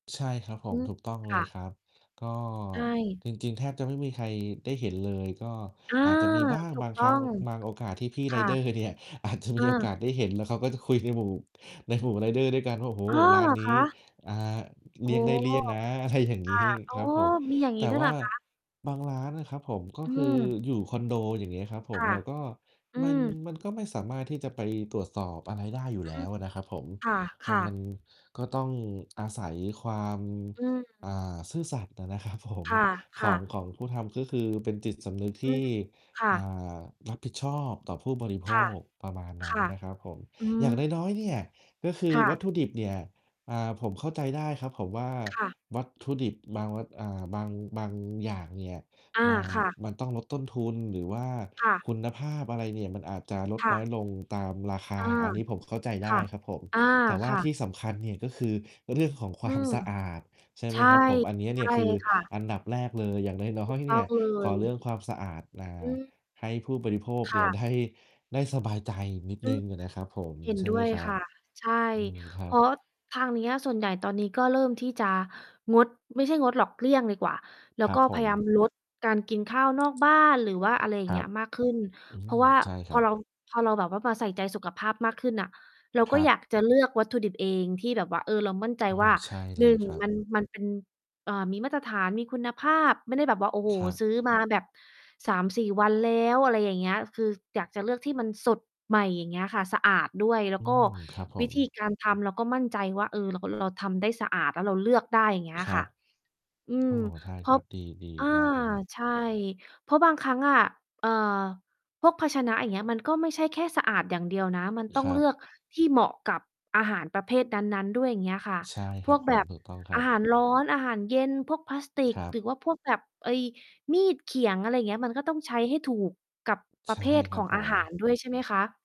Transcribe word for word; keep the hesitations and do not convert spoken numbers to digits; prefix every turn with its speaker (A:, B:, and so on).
A: ใช่ครับผ
B: อื
A: ม
B: ม
A: ถูกต้องเ
B: ค
A: ล
B: ่
A: ย
B: ะ
A: ครับ ก็
B: ใช่
A: จริง ๆ แทบจะไม่มีใครได้เห็นเลย ก็
B: อา
A: อาจจะมีบ้าง
B: ถู
A: บ
B: ก
A: าง
B: ต
A: คร
B: ้อ
A: ั้ง
B: ง
A: อ บางโอกาสที่พี่
B: ค
A: ไร
B: ่ะ
A: เดอร์เนี่ย อาจจะ
B: อ
A: ม
B: า
A: ีโอกาสได้เห็น แล้วเขาก็จะคุยในหมู่ ในหมู่ไรเดอร์ด้วยกันว่า โอ้โฮ!
B: อ้อ
A: ร้า
B: เหร
A: น
B: อ
A: น
B: ค
A: ี้
B: ะ?
A: อ่า เ
B: อ
A: ล
B: ๋
A: ี
B: อ
A: ่ยงได้เลี่ยงนะ
B: ค
A: อะไรอย่างงี้
B: ่ะ อ๋
A: ค
B: อ
A: รับผม
B: มีอย่างง
A: แต
B: ี้
A: ่
B: ด้วย
A: ว
B: เห
A: ่
B: ร
A: า
B: อคะ?
A: บางร้านนะครับผม ก็
B: อื
A: คือ
B: ม
A: อยู่คอนโด อย่างเงี้ยครับผ
B: ค
A: ม
B: ่ะ
A: เราก็
B: อื
A: มัน
B: ม
A: มันก็ไม่สามารถที่จะไปตรวจสอบอะไรได้อยู่
B: อื
A: แล้
B: ม
A: วอะนะครับผม
B: ค
A: ก็
B: ่ะ
A: มัน
B: ๆ
A: ก็ต้องอาศัยความ
B: อื
A: อ่า
B: ม
A: ซื่อสัตย์อะนะ ครับผม
B: ค
A: ข
B: ่
A: อ
B: ะ
A: ง
B: ๆ
A: ของผู้ทำ ก็คือเป็นจิตสำนึกท
B: อื
A: ี
B: ม
A: ่
B: ค่
A: อ่
B: ะ
A: า รับผิดชอบต่อผู้บริโภ
B: ค่ะ
A: ค ประมาณน
B: ค
A: ั้น
B: ่ะ
A: นะครับผม
B: อื
A: อย่างน
B: ม
A: ้อย ๆ เนี่ย ก็คือ
B: ค่
A: ว
B: ะ
A: ัตถุดิบเนี่ย อ่า ผมเข้าใจได้ครับเขาว่า
B: ค่ะ
A: วัตถุดิบบางวัต อ่า บาง บางอย่างเนี่ย
B: อา
A: มา
B: ค่ะ
A: มันต้องลดต้นทุน หรือว่า
B: ค่ะ
A: คุณภาพอะไรเนี่ย มันอาจจะลด
B: ค่
A: น้อ
B: ะ
A: ยลงตามราคา
B: อา
A: อันนี้ผมเข้าใจไ
B: ค
A: ด้
B: ่ะ
A: ครับผม
B: อา
A: แต่ว่
B: ค
A: า
B: ่
A: ท
B: ะ
A: ี่สำคัญเนี่ย ก็คือเรื่องของค
B: อ
A: ว
B: ื
A: าม
B: ม
A: สะอาดใช่ไ
B: ใช
A: หม
B: ่
A: ครับผม? อันเนี้ย
B: ใช
A: นี
B: ่
A: ่คือ
B: ค่ะ
A: อันดับแรกเลย อย่างน้อ
B: ถูก
A: ย ๆ
B: ต
A: เนี
B: ้
A: ่
B: อ
A: ย
B: งเล
A: ขอ
B: ย
A: เรื่องความสะอาด อ่
B: อ
A: า
B: ืม
A: ให้ผู้บริโภค
B: ค
A: เน
B: ่
A: ี่ย
B: ะ
A: ได้ ได้สบายใจนิด
B: อ
A: ห
B: ื
A: นึ
B: อ
A: ่งอะนะครับผม
B: เห็น
A: ใช่
B: ด
A: ไ
B: ้
A: หม
B: วย
A: ครั
B: ค
A: บ?
B: ่ะ ใช่
A: อืม คร
B: เ
A: ั
B: พ
A: บ
B: ราะ ทางเนี้ยส่วนใหญ่ตอนนี้ก็เริ่มที่จะงด ไม่ใช่งดหรอก เลี่ยงดีกว่า แล้
A: ค
B: ว
A: รั
B: ก
A: บ
B: ็
A: ผ
B: พยายาม
A: ม
B: ลด การกินข้าวนอกบ้าน หรือว่าอะไรอย่
A: ค
B: าง
A: ร
B: เง
A: ั
B: ี้
A: บ
B: ยมากขึ้น
A: อื
B: เพรา
A: ม
B: ะว่า
A: ใช่ค
B: พ
A: ร
B: อ
A: ั
B: เ
A: บ
B: รา พอเราแบบว่ามาใส่ใจสุขภาพมากขึ้นน่ะ เรา
A: ค
B: ก็
A: รั
B: อย
A: บ
B: ากจะเลือกวัตถุดิบเอง ที่แบบว่า เออ เรามั่นใจ
A: โอ้โ
B: ว
A: ฮ
B: ่า
A: ใช่เ
B: ห
A: ล
B: นึ
A: ย
B: ่ง
A: ครั
B: ม
A: บ
B: ัน มันเป็น อ่า มีมาตรฐาน มีคุณภาพ ไม่ได้แบบว่า โอ้โฮ
A: ครั
B: ซื้
A: บ
B: อมาแบบ สามสี่ วันแล้ว อะไรอย่างเงี้ย คืออยากจะเลือกที่มันสดใหม่ อย่างเงี้ยค่ะ สะอาดด้วย แล้
A: อ
B: ว
A: ื
B: ก็
A: ม ครับผ
B: วิ
A: ม
B: ธีการทำเราก็มั่นใจว่า เออ เรา ก เราทำได้สะอาด แล้วเราเลือกได้ อย่างเงี้ย
A: คร
B: ค
A: ั
B: ่ะ
A: บ
B: อื
A: อ๋
B: ม
A: อ ใช่
B: เพ
A: ค
B: รา
A: ร
B: ะ
A: ับ ดี
B: อา
A: ๆ มากเลยครับ
B: ใช่ เพราะบางครั้งอะ อ่า พวกภาชนะอย่างเงี้ย มันก็ไม่ใช่แค่สะอาดอย่างเดียวนะ มันต้อ
A: ค
B: ง
A: รั
B: เลื
A: บ
B: อกที่เหมาะกับอาหารประเภทนั้น ๆ ด้วย อย่างเงี้ยค่ะ
A: ใช่
B: พ
A: คร
B: ว
A: ับ
B: ก
A: ผ
B: แบ
A: ม
B: บ
A: ถูกต้องคร
B: อ
A: ั
B: า
A: บ
B: หารร้อน อาหารเย็น พวกพลาสติ
A: ค
B: ก
A: รั
B: หร
A: บ
B: ือว่าพวกแบบ ไอ้มีดเขียง อะไรอย่างเงี้ย มันก็ต้องใช้ให้ถูกกับป
A: ใ
B: ร
A: ช
B: ะเ
A: ่
B: ภท
A: ค
B: ข
A: รั
B: อ
A: บ
B: ง
A: ผ
B: อา
A: ม
B: หาร ด้วย ใช่ไหมคะ?